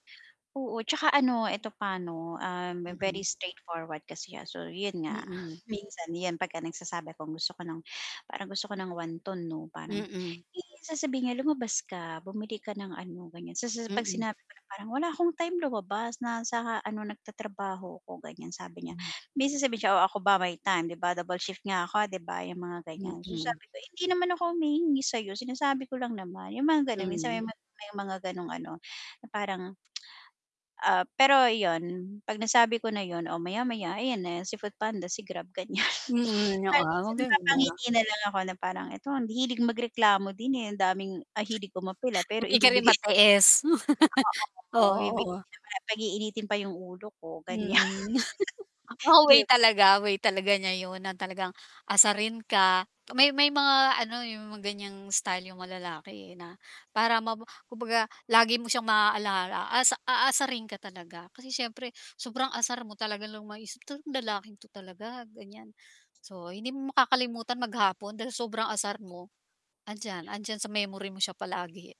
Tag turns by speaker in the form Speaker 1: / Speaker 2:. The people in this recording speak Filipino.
Speaker 1: Oo tsaka ano eto pa 'no, very
Speaker 2: Mm.
Speaker 1: straight forward kasi so yun nga
Speaker 2: Mm.
Speaker 1: minsan 'pag nagsasabi ako gusto ko ng parang gusto ko ng wanton 'no, parang
Speaker 2: Mm.
Speaker 1: i sasabihin niya lumabas ka bumili ka ng ano, ganyan. Sa sa pag
Speaker 2: Mm.
Speaker 1: sinabi ko na, "Parang wala akong time lumabas na sa ano nagtatrabaho ko," ganyan sabi niya,
Speaker 2: Hmm.
Speaker 1: may sasabihin niya, "Oh ako ba may time 'di ba double shift nga ako 'di ba?" 'yong mga ganyan.
Speaker 2: Mhm.
Speaker 1: Sabi ko, "Hindi naman ako humihingi sayo, sinasabi ko lang naman," yung mga ganun minsan may
Speaker 2: Hmm.
Speaker 1: mga may mga ganong ano, na parang Ah, pero yun, pag nasabi ko na yun, oo maya maya ayan na si FoodPanda, si Grab ganyan.
Speaker 2: Mm,
Speaker 1: Kaya
Speaker 2: oo
Speaker 1: minsan
Speaker 2: maganda.
Speaker 1: napapangiti na lang ako na parang, ito ang hilig magreklamo din eh ang daming ang hilig ko umapela pero
Speaker 2: Hindi ka rin
Speaker 1: ibibigay.
Speaker 2: matiis.
Speaker 1: Oo, ibibigay
Speaker 2: Oo.
Speaker 1: naman pag-iinitin pa yung ulo ko, ganyan.
Speaker 2: Mm, oo
Speaker 1: 'Di
Speaker 2: way
Speaker 1: b
Speaker 2: talaga, way talaga niya yun na talagang asarin ka may may mga ano yung mga ganyang style yung mga lalaki na para maba kumbaga lagi mo siyang maaalala asa aasarin ka talaga. Kasi siyempre sobrang asar mo talaga lang maisip lalaking to talaga ganyan. So hindi mo makakalimutan maghapon dahil sobrang asar mo, andiyan, 'andiyan sa memory mo siya palagi.